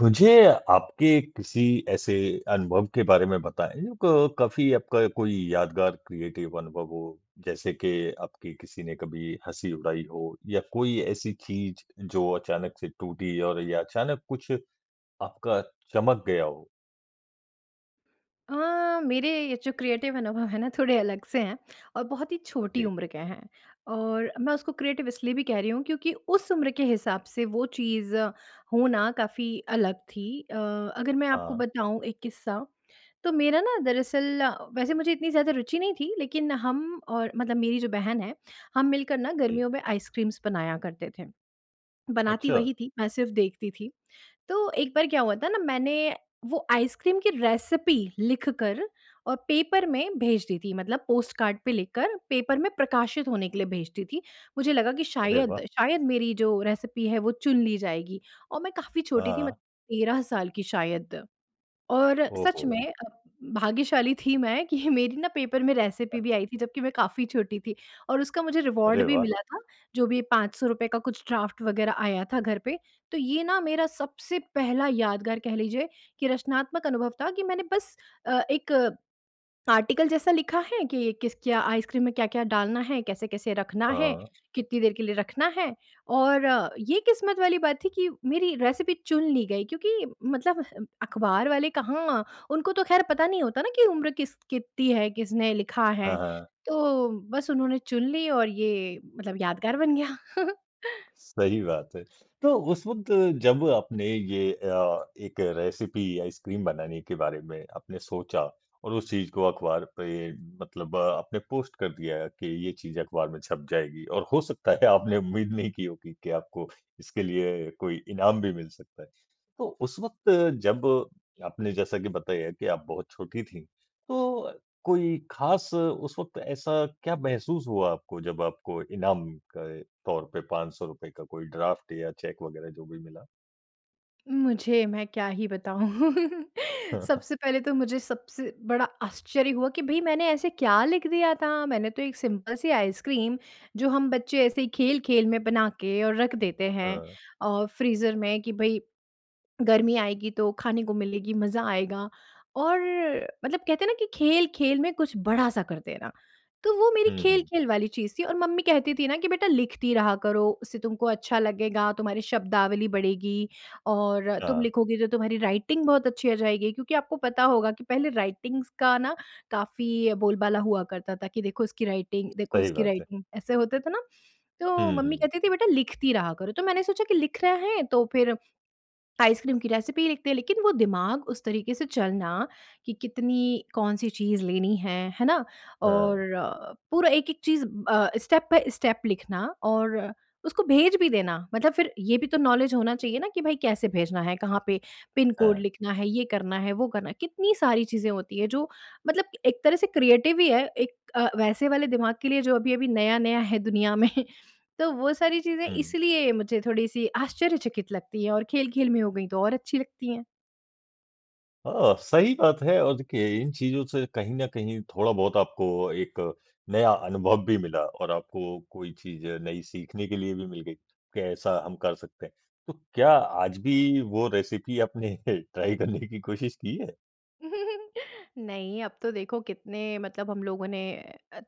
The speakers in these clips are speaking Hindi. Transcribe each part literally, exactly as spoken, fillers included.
मुझे, आपके किसी ऐसे अनुभव के बारे में बताएँ क काफ़ी आपका कोई यादगार क्रिएटिव अनुभव हो जैसे के आपकी किसी ने कभी हँसी उड़ाई हो या कोई ऐसी चीज़ जो अचानक से टूटी और या अचानक कुछ आपका चमक गया हो? अ, मेरे ये जो क्रिएटिव अनुभव है ना, थोड़े अलग से हैं, और बहुत ही छोटी जी। उम्र के हैं, और मैं उसको क्रिएटिव इसलिए भी कह रही हूँ क्योंकि उस उम्र के हिसाब से वो चीज़ होना काफ़ी अलग थी अ, अगर मैं आपको हाँ। बताऊँ एक किस्सा। तो मेरा ना दरअसल, वैसे मुझे इतनी ज़्यादा रुचि नहीं थी, लेकिन हम और मतलब मेरी जो बहन है, हम मिलकर ना जी। गर्मियों में आइसक्रीम्स बनाया करते थे, बनाती अच्छा। वही थी मैं सिर्फ़ देखती थी। तो एक बार क्या हुआ था ना, मैंने वो आइसक्रीम की रेसिपी लिखकर और पेपर में भेज दी थी, मतलब पोस्टकार्ड पे लिख कर पेपर में प्रकाशित होने के लिए भेज दी थी, मुझे लगा कि अरे शायद, वाह! शायद मेरी जो रेसिपी है वो चुन ली जाएगी और मैं काफ़ी हाँ, छोटी थी मत हाँ। तेरह साल की शायद और सच ओहो! में भाग्यशाली थी मैं कि मेरी ना पेपर में अ रेसिपी भी आई थी, जबकि मैं काफ़ी छोटी थी और उसका मुझे रिवार्ड अरे भी वाह! मिला था, जो भी पाँच सौ रुपये का कुछ ड्राफ्ट वग़ैरह आया था घर पे। तो ये ना मेरा सबसे पहला यादगार कह लीजिए कि रचनात्मक अनुभव था कि मैंने बस अ, एक आर्टिकल जैसा लिखा है कि किस क्या आइसक्रीम में क्या-क्या डालना है? कैसे-कैसे रखना है? हाँ। कितनी देर के लिए रखना है? और ये किस्मत वाली बात थी कि मेरी रेसिपी चुन ली गई क्योंकि मतलब अख़बार वाले कहाँ, उनको तो ख़ैर पता नहीं होता ना कि उम्र किस कितनी है? किसने लिखा हाँ, है? हाँ। तो बस उन्होंने चुन ली और ये मतलब यादगार बन गया। सही बात है। तो उस वक़्त जब आपने ये अ, एक रेसिपी आइसक्रीम बनाने के बारे में आपने सोचा, और उस चीज़ को अखबार पे मतलब आपने पोस्ट कर दिया कि ये चीज़ अखबार में छप जाएगी और हो सकता है आपने उम्मीद नहीं की होगी कि आपको इसके लिए कोई इनाम भी मिल सकता है। तो उस वक़्त जब आपने जैसा की बताया कि आप बहुत छोटी थी, तो अ, कोई खास उस वक़्त ऐसा क्या महसूस हुआ आपको जब आपको इनाम के तौर पे पाँच सौ रुपये का कोई ड्राफ्ट या चेक वग़ैरह जो भी मिला? मुझे मैं क्या ही बताऊँ? हाँ, हाँ। सबसे पहले तो मुझे सबसे बड़ा आश्चर्य हुआ कि भई, मैंने ऐसे क्या लिख दिया था? मैंने तो एक सिम्पल सी आइसक्रीम, जो हम बच्चे ऐसे ही खेल-खेल में बना के और रख देते हैं हाँ। अ, फ़्रीज़र में कि भई, गर्मी आएगी, तो खाने को मिलेगी, मज़ा आएगा। और मतलब कहते हैं ना कि खेल-खेल में कुछ बड़ा-सा कर देना, तो वो मेरी हुँ, हुँ। खेल-खेल वाली चीज़ थी और मम्मी कहती थी ना कि, "बेटा, लिखती रहा करो। उससे तुमको अच्छा लगेगा, तुम्हारी शब्दावली बढ़ेगी और तुम हाँ। लिखोगी, तो तुम्हारी राइटिंग बहुत अच्छी हो जाएगी।" क्योंकि आपको पता होगा कि पहले राइटिंग्स का ना काफ़ी बोलबाला हुआ करता था कि, "देखो, उसकी राइटिंग देखो सही उसकी बात है। राइटिंग।" ऐसे होते थे ना? तो हुँ, मम्मी हुँ। कहती थी, "बेटा, लिखती रहा करो।" तो मैंने सोचा कि लिख रहें है, तो फिर आइसक्रीम की रेसिपी ही लिखते हैं, लेकिन वो दिमाग उस तरीके से चलना कि कितनी कौन-सी चीज़ लेनी है, है ना? और हाँ। पूरा एक-एक चीज़ अ, स्टेप बाय स्टेप लिखना और उसको भेज भी देना। मतलब फिर ये भी तो नॉलेज होना चाहिए ना कि भाई, कैसे भेजना है? कहाँ पे पिन कोड हाँ। लिखना है? ये करना है, वो करना है। कितनी सारी चीज़ें होती हैं, जो मतलब एक तरह से क्रिएटिव ही है, एक अ, वैसे वाले दिमाग के लिए, जो अभी-अभी नया-नया है दुनिया में। तो वो सारी चीज़ें हुँ। इसलिए मुझे थोड़ी-सी आश्चर्यचकित लगती हैं और खेल-खेल में हो गई, तो और अच्छी लगती हैं। अ, सही बात है और देखिए इन चीज़ों से कहीं न कहीं थोड़ा-बहुत आपको एक नया अनुभव भी मिला, और आपको कोई चीज़ नई सीखने के लिए भी मिल गई कि ऐसा हम कर सकते हैं। तो क्या आज भी वो रेसिपी आपने ट्राई करने की कोशिश की है? नहीं, अब तो देखो कितने मतलब हम लोगों ने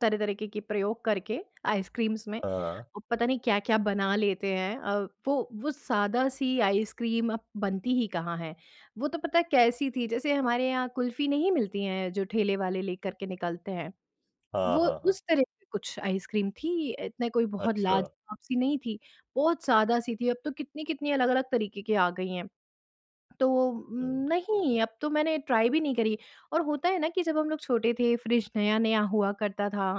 तरह-तरह के के प्रयोग करके आइसक्रीम्स में, हाँ। पता नहीं क्या-क्या बना लेते हैं। अ, वो वो सादा-सी आइसक्रीम अब बनती ही कहाँ है? वो तो पता है कैसी थी, जैसे हमारे यहाँ कुल्फ़ी नहीं मिलती हैं जो ठेले वाले लेकर के निकलते हैं। हाँ, वो हाँ, हाँ। उस तरह की कुछ आइसक्रीम थी इतना कोई बहुत अच्छा। लाज़वाब-सी नहीं थी बहुत सादा-सी थी। अब तो कितनी-कितनी अलग-अलग तरीके की आ गई हैं। तो हुँ। नहीं, अब तो मैंने ट्राई भी नहीं करी। और होता है ना कि जब हम लोग छोटे थे, फ़्रिज़ नया-नया हुआ करता था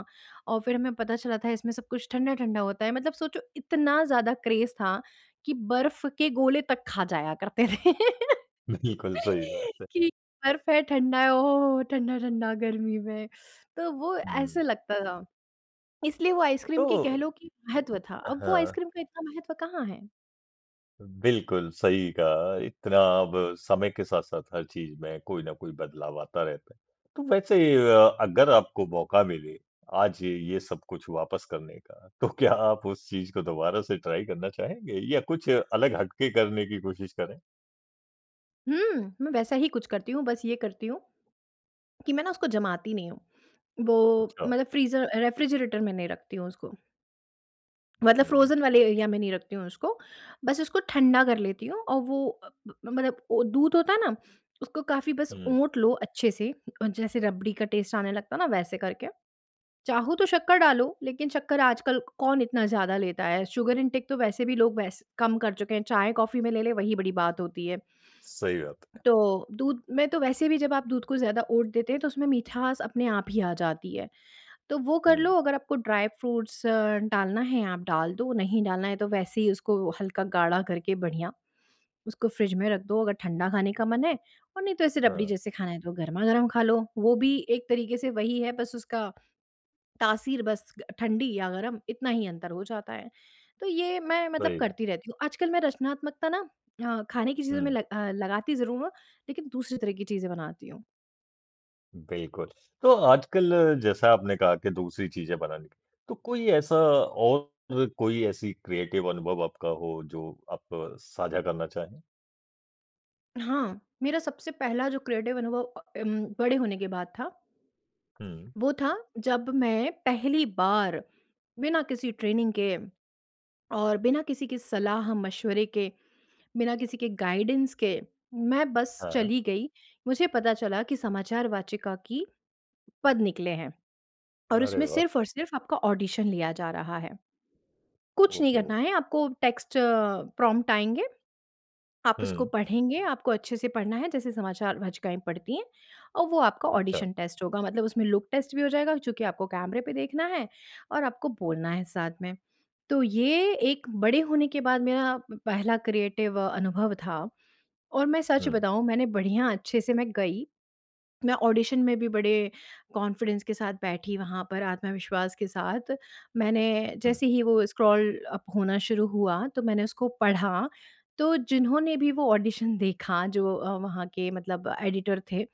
और फिर हमें पता चला था इसमें सब कुछ ठंडा-ठंडा होता है। मतलब सोचो इतना ज़्यादा क्रेज़ था कि बर्फ़ के गोले तक खा जाया करते थे। बिल्कुल सही बात है। कि बर्फ है ठंडा है, ओह हो, हो, हो! ठंडा-ठंडा गर्मी में तो वो ऐसा हुँ। लगता था। इसलिए वो आइसक्रीम तो की कह लो कि महत्व था। अ, अब वो हाँ। आइसक्रीम का इतना महत्व कहाँ है? बिल्कुल, सही कहा इतना अब समय के साथ-साथ हर चीज़ में कोई ना कोई बदलाव आता रहता है। तो वैसे अ, अगर आपको मौका मिले आज ये सब कुछ वापस करने का तो क्या आप उस चीज़ को दोबारा से ट्राई करना चाहेंगे या कुछ अलग हटके करने की कोशिश करें? हुँ, मैं वैसा ही कुछ करती हूँ। बस ये करती हूँ, कि मैं ना उसको जमाती नहीं हूँ। वो, अच्छा। मतलब फ्रीज़र रेफ्रिजरेटर में नहीं रखती हूँ, उसको। मतलब हुँ। फ्रोज़न वाले एरिया में नहीं रखती हूँ उसको, बस उसको ठंडा कर लेती हूँ। और वो अ, मतलब वो दूध होता है ना? उसको काफ़ी बस हुँ। ओट लो अच्छे से और जैसे रबड़ी का टेस्ट आने लगता है ना वैसे करके। चाहो तो शक्कर डालो लेकिन शक्कर आजकल कौन इतना ज़्यादा लेता है शुगर इन्टेक तो वैसे भी लोग वैसे कम कर चुके हैं चाय-कॉफ़ी में ले ले वही बड़ी बात होती है। सही बात है। तो दूध में तो वैसे भी जब आप दूध को ज़्यादा ओट देते हैं तो उसमें मिठास अपने आप ही आ जाती है। तो वो कर हुँ। लो अगर आपको ड्राई फ्रूट्स अ, डालना है आप डाल दो, नहीं डालना है तो वैसे ही उसको हल्का गाढ़ा करके बढ़िया उसको फ़्रिज में रख दो अगर ठंडा खाने का मन है, और नहीं तो ऐसे रबड़ी हाँ। जैसे खाना है तो गरमा-गरम खा लो। वो भी एक तरीके से वही है बस उसका, तासीर बस ठंडी या गरम इतना ही अंतर हो जाता है। तो ये मैं मतलब सही है। करती रहती हूँ, आजकल मैं रचनात्मकता ना अ, खाने की चीज़ों में हुँ। अ, लगाती ज़रूर हूँ, लेकिन दूसरी तरह की चीज़ें बनाती हूँ। बिल्कुल। तो आजकल जैसा आपने कहा कि दूसरी चीज़ें बनानी। तो कोई ऐसा और कोई ऐसी क्रिएटिव अनुभव आपका हो जो आप साझा करना चाहें? हाँ। मेरा सबसे पहला जो क्रिएटिव अनुभव अ, उम, बड़े होने के बाद था। हुँ। वो था जब मैं पहली बार बिना किसी ट्रेनिंग के और बिना किसी के सलाह-मशविरे के, बिना किसी के गाइडेंस के मैं बस हाँ। चली गई। मुझे पता चला कि समाचार वाचिका की पद निकले हैं और अरे उसमें वाह! सिर्फ़ और सिर्फ़ आपका ऑडिशन लिया जा रहा है। कुछ ओह नहीं हो! करना है आपको टेक्स्ट प्रॉम्प्ट आएँगे। आप उसको हुँ। पढ़ेंगे आपको अच्छे से पढ़ना है जैसे समाचार वाचिकाएँ पढ़ती हैं और वो आपका अच्छा। ऑडिशन टेस्ट होगा। मतलब उसमें लुक टेस्ट भी हो जाएगा और चूँकि आपको कैमरे पे देखना है और आपको बोलना है साथ में। तो ये एक बड़े होने के बाद मेरा पहला क्रिएटिव अनुभव था। और मैं सच हुँ। बताऊँ मैंने बढ़िया अच्छे से मैं गई, मैं ऑडिशन में भी बड़े कॉन्फ़िडेंस के साथ बैठी वहाँ पर आत्मविश्वास के साथ। मैंने हुँ। जैसे ही वो स्क्रॉल अप होना शुरू हुआ तो मैंने उसको पढ़ा, तो जिन्होंने भी वो ऑडिशन देखा जो अ, वहाँ के मतलब एडिटर थे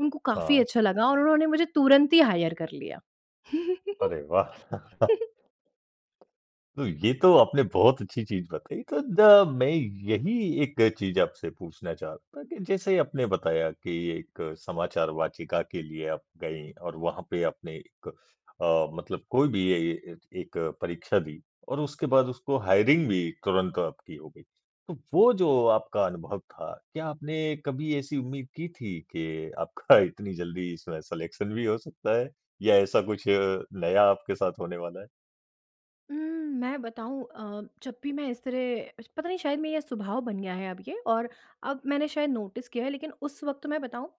उनको काफ़ी हाँ। अच्छा लगा और उन्होंने मुझे तुरंत ही हायर कर लिया। अरे वाह! तो ये तो आपने बहुत अच्छी चीज़ बताई। तो द मैं यही एक चीज़ आपसे पूछना चाहता था कि जैसे आपने बताया कि एक समाचार वाचिका के लिए आप गईं और वहाँ पे आपने एक अ, मतलब कोई भी ए य एक परीक्षा दी। और उसके बाद उसको हायरिंग भी तुरंत आपकी हो गई। तो वो जो आपका अनुभव था, क्या आपने कभी ऐसी उम्मीद की थी के आपका इतनी जल्दी स सिलेक्शन भी हो सकता है? या ऐसा कुछ नया आपके साथ होने वाला है? उम, मैं बताऊँ अ, जब भी मैं इस तरह श पता नहीं शायद मेरा ये स्वभाव बन गया है अब ये और अब मैंने शायद नोटिस किया है। लेकिन उस वक़्त मैं बताऊँ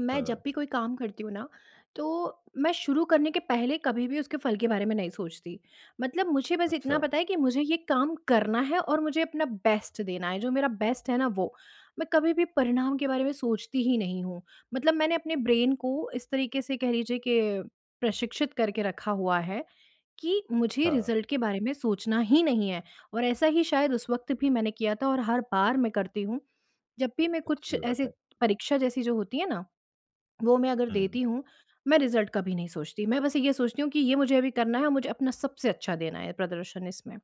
मैं जब हाँ। भी कोई काम करती हूँ ना, तो मैं शुरू करने के पहले कभी भी उसके फल के बारे में नहीं सोचती। मतलब मुझे बस इतना अच्छा। पता है कि मुझे ये काम करना है और मुझे अपना बेस्ट देना है जो मेरा बेस्ट है ना वो। मैं कभी भी परिणाम के बारे में सोचती ही नहीं हूँ। मतलब मैंने अपने ब्रेन को इस तरीके से कह लीजिए कि प्रशिक्षित करके रखा हुआ है कि मुझे हाँ। रिज़ल्ट के बारे में सोचना ही नहीं है और ऐसा ही शायद उस वक़्त भी मैंने किया था और हर बार मैं करती हूँ। जब भी मैं कुछ अच्छी बात ऐसे है। परीक्षा जैसी जो होती है ना, वो मैं अगर हुँ। देती हूँ मैं रिज़ल्ट कभी नहीं सोचती। मैं बस ये सोचती हूँ कि ये मुझे अभी करना है और मुझे अपना सबसे अच्छा देना है प्रदर्शन इसमें।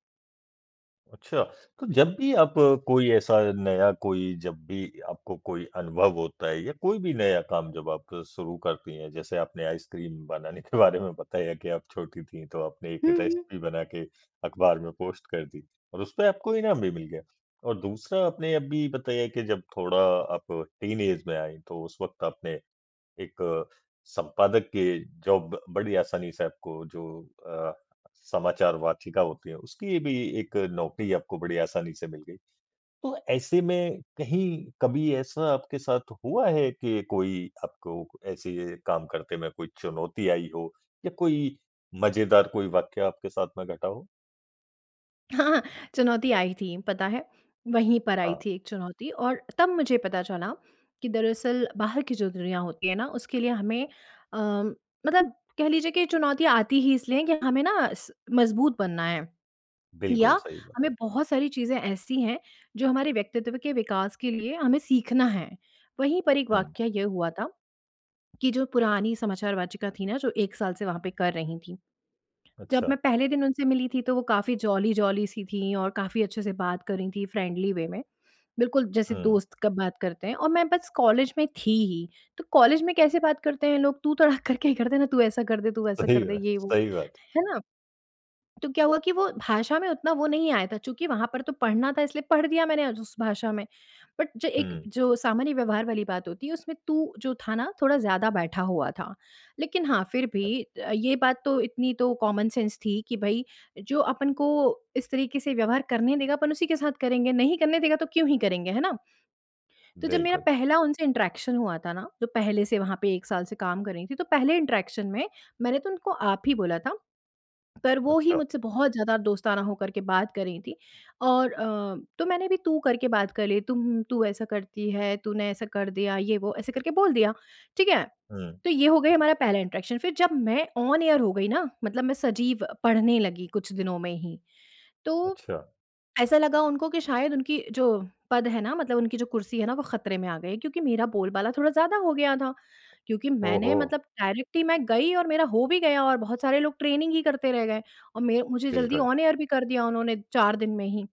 अच्छा। तो जब भी आप कोई ऐसा नया कोई जब भी आपको कोई अनुभव होता है या कोई भी नया काम जब आप शुरू करती हैं जैसे आपने आइसक्रीम बनाने के बारे में बताया कि आप छोटी थीं तो आपने एक हुँ, हुँ। रेसिपी बना के अख़बार में पोस्ट कर दी थी और उसपे आपको इनाम भी मिल गया। और दूसरा आपने अभी बताया कि जब थोड़ा आप टीनेज में आईं तो उस वक़्त आपने एक संपादक के जॉब बड़ी आसानी से आपको जो अ, समाचार वाचिका होती है उसकी भी एक नौकरी आपको बड़ी आसानी से मिल गई। तो ऐसे में कहीं कभी ऐसा आपके साथ हुआ है कि कोई आपको ऐसे काम करते में कोई चुनौती आई हो या कोई मज़ेदार कोई वाक़िया आपके साथ में घटा हो? हाँ, चुनौती आई थी पता है, वहीं पर आई हाँ। थी एक चुनौती और तब मुझे पता चला कि, दरअसल बाहर की जो दुनिया होती है ना, उसके लिए हमें अ, मतलब कह लीजिए कि चुनौतियाँ आती ही इसलिए हैं कि हमें ना स मज़बूत बनना है बिल्कुल, या सही बात हमें है। बहुत सारी चीज़ें ऐसी हैं, जो हमारे व्यक्तित्व के विकास के लिए हमें सीखना है। वहीं पर एक हुँ। वाक़या ये हुआ था, कि जो पुरानी समाचार-वाचिका थी ना, जो एक साल से वहाँ पे कर रही थी, जब मैं अच्छा। पहले दिन उनसे मिली थी तो वो काफ़ी जॉली-जॉली सी थीं और काफ़ी अच्छे से बात कर रही थीं फ्रेंडली वे में, बिल्कुल जैसे हुँ। दोस्त का बात करते हैं और मैं बस कॉलेज में थी ही, तो कॉलेज में कैसे बात करते हैं लोग तू तड़ाक करके ही करते ना तू ऐसा कर दे, तू वैसा सही कर दे, ब ये वो। सही बात है। है ना? तो क्या हुआ कि वो भाषा में उतना वो नहीं आया था चूँकि वहाँ पर तो पढ़ना था इसलिए पढ़ दिया मैंने अ, उस भाषा में। बट जो एक हुँ। जो सामान्य व्यवहार वाली बात होती है, उसमें तू जो था ना, थोड़ा ज़्यादा बैठा हुआ था, लेकिन हाँ, फिर भी अ, ये बात तो इतनी तो कॉमन सेंस थी कि भई, जो अपन को इस तरीके से व्यवहार करने देगा, अपन उसी के साथ करेंगे। नहीं करने देगा तो क्यों ही करेंगे है ना? तो जब मेरा बिल्कुल। पहला उनसे इंटरैक्शन हुआ था ना, तो पहले से वहाँ पे एक साल से काम कर रही थी तो पहले इंटरैक्शन में मैंने तो उनको आप ही बोला था, पर वो ही अच्छा। मुझसे बहुत ज़्यादा दोस्ताना हो करके बात कर रही थीं, और अ, तो मैंने भी तू करके बात कर ली, "तुम तू ऐसा करती है, तूने ऐसा कर दिया" ये वो ऐसे करके बोल दिया। ठीक है? हुँ। तो ये हो गई हमारा पहला इंटरैक्शन, फिर जब मैं ऑन एयर हो गई ना, मतलब मैं सजीव पढ़ने लगी कुछ दिनों में ही तो, अच्छा। ऐसा लगा उनको कि शायद उनकी जो पद है ना, मतलब उनकी जो कुर्सी है ना, वो खतरे में आ गई क्योंकि मेरा बोलबाला थोड़ा ज़्यादा हो गया था, क्योंकि ओह मैंने हो! मतलब डायरेक्टली मैं गई और मेरा हो भी गया और बहुत सारे लोग ट्रेनिंग ही करते रह गए, और में मुझे जल्दी बिल्कुल। ऑन एयर भी कर दिया उन्होंने चार दिन में ही।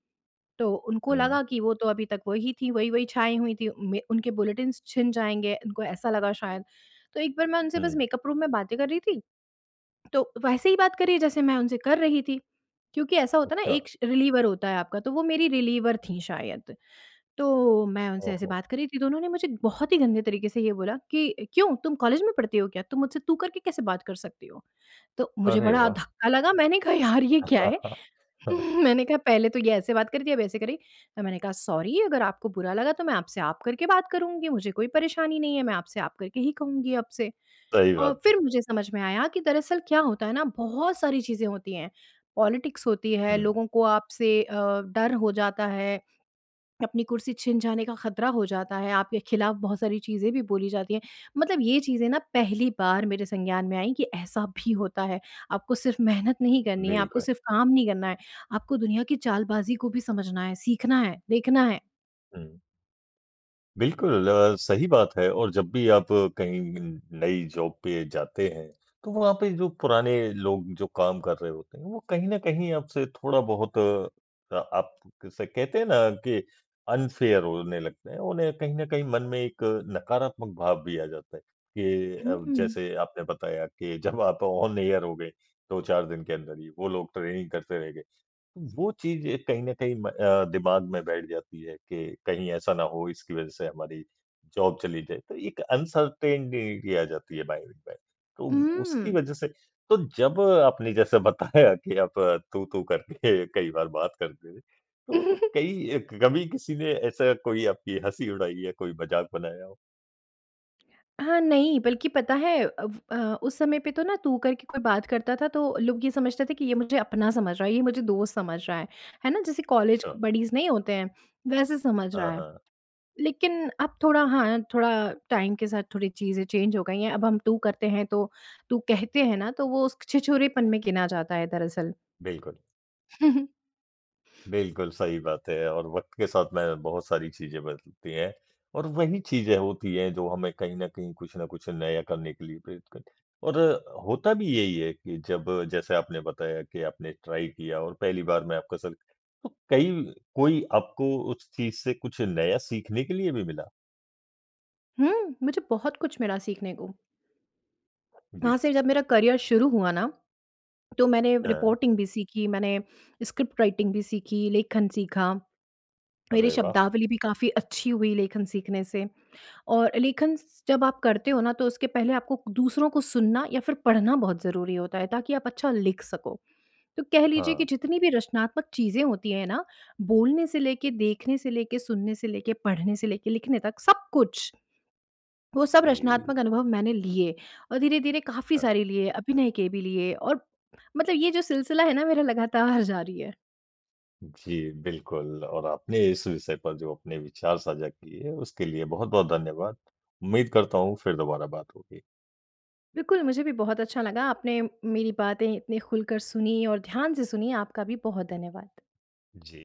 तो उनको हुँ। लगा कि वो तो अभी तक वही थी, वही-वही छाई हुई थीं, में उनके बुलेटिन्स छिन जाएँगे, उनको ऐसा लगा शायद। तो एक बार मैं उनसे बस हुँ। मेकअप रूम में बातें कर रही थी, तो वैसे ही बात कर रही है जैसे मैं उनसे कर रही थी, क्योंकि ऐसा होता है ना, एक अच्छा। श रिलीवर होता है आपका तो वो मेरी रिलीवर थी शायद, तो मैं उनसे ओह ऐसे हो! बात कर रही थी तो उन्होंने मुझे बहुत ही गंदे तरीके से ये बोला कि, "क्यों तुम कॉलेज में पढ़ती हो क्या? तुम मुझसे तू करके कैसे बात कर सकती हो?" तो मुझे अरे, बड़ा वाह! धक्का लगा, मैंने कहा, "यार ये क्या है?" मैंने कहा, "पहले तो ये ऐसे बात कर थी, अब ऐसे कर रही।" तो मैंने कहा, "सॉरी अगर आपको बुरा लगा तो मैं आपसे आप करके बात करूँगी, मुझे कोई परेशानी नहीं है। मैं आपसे आप करके ही कहूँगी अब से।" सही और बात है। फिर मुझे समझ में आया कि दरअसल क्या होता है ना, बहुत सारी चीज़ें होती हैं, पॉलिटिक्स होती है, हुँ। लोगों को आपसे अ, डर हो जाता है, अपनी कुर्सी छिन जाने का खतरा हो जाता है, आपके खिलाफ बहुत सारी चीज़ें भी बोली जाती हैं मतलब ये चीज़ें ना पहली बार मेरे संज्ञान में आई कि ऐसा भी होता है, आपको सिर्फ मेहनत नहीं करनी है, आपको बिल्कुल। सिर्फ काम नहीं करना है, आपको दुनिया की चालबाज़ी को भी समझना है, सीखना है, देखना है। हुँ। बिल्कुल अ, सही बात है। और जब भी आप कहीं नई जॉब पे जाते हैं, तो वहाँ पे जो पुराने लोग जो काम कर रहे होते हैं वो कहीं न कहीं आपसे थोड़ा-बहुत अ, आप जैसे कहते हैं ना कि अनफ़ेयर होने लगते हैं। उन्हें कहीं न कहीं मन में एक नकारात्मक भाव भी आ जाता है कि, अब हुँ। जैसे आपने बताया के जब आप ऑन एयर हो गए दो चार दिन के अंदर ही वो लोग ट्रेनिंग करते रह गए, वो चीज़ एक कहीं न कहीं म अ, दिमाग में बैठ जाती है कि कहीं ऐसा ना हो इसकी वज़ह से हमारी जॉब चली जाए, तो एक अनसर्टेनिटी सी आ जाती है माइंड में। तो उसकी हुँ। वजह से तो जब आपने जैसे बताया कि आप तू-तू करके कई बार बात करते थे, तो कई अ, कभी किसी ने ऐसा कोई आपकी हँसी उड़ाई या कोई मजाक बनाया हो? हाँ, नहीं, बल्कि पता है अब अ, उस समय पे तो ना तू करके कोई बात करता था तो लोग ये समझते थे कि ये मुझे अपना समझ रहा है, ये मुझे दोस्त समझ रहा है। है ना? जैसे कॉलेज क अच्छा। बडीज़ नहीं होते हैं, वैसे समझ रहा हाँ, है। हाँ। लेकिन अब थोड़ा हाँ थोड़ा टाइम के साथ थोड़ी चीज़ें चेंज हो गई हैं अब हम तू करते हैं तो तू कहते हैं ना तो वो उसक छिछोरेपन में गिना जाता है दरअसल। बिल्कुल। बिल्कुल सही बात है और वक़्त के साथ में बहुत सारी चीज़ें बदलती हैं और वही चीज़ें होती हैं जो हमें कहीं न कहीं कुछ ना कुछ नया करने के लिए प्रेरित करती हैं। और होता भी यही है कि जब जैसे आपने बताया कि आपने ट्राई किया और पहली बार में आपका सग कई कोई आपको उस चीज़ से कुछ नया सीखने के लिए भी मिला? हुँ, मुझे बहुत कुछ मिला सीखने को। जी। वहाँ से जब मेरा करियर शुरू हुआ ना तो मैंने हाँ। रिपोर्टिंग भी सीखी मैंने स्क्रिप्ट राइटिंग भी सीखी लेखन सीखा। मेरे अरे वाह! शब्दावली भी काफ़ी अच्छी हुई लेखन सीखने से और लेखन स जब आप करते हो ना तो उसके पहले आपको क दूसरों को सुनना या फ़िर पढ़ना बहुत ज़रूरी होता है, ताकि आप अच्छा लिख सको। तो कह लीजिए कि हाँ। जितनी भी रचनात्मक चीज़ें होती हैं ना बोलने से लेके, देखने से लेके, सुनने से लेके, पढ़ने से लेके लिखने तक सब कुछ वो सब जी। रचनात्मक अनुभव मैंने लिए। और धीरे-धीरे काफ़ी हाँ। सारी लिए अभिनय के भी लिए और मतलब ये जो सिलसिला है ना मेरा लगातार जारी है। जी बिल्कुल और आपने इस विषय पर जो अपने विचार साझा किए उसके लिए बहुत-बहुत धन्यवाद। उम्मीद करता हूँ फिर दोबारा बात होगी। बिल्कुल मुझे भी बहुत अच्छा लगा आपने मेरी बातें इतनी खुलकर सुनीं और ध्यान से सुनीं, आपका भी बहुत धन्यवाद। जी।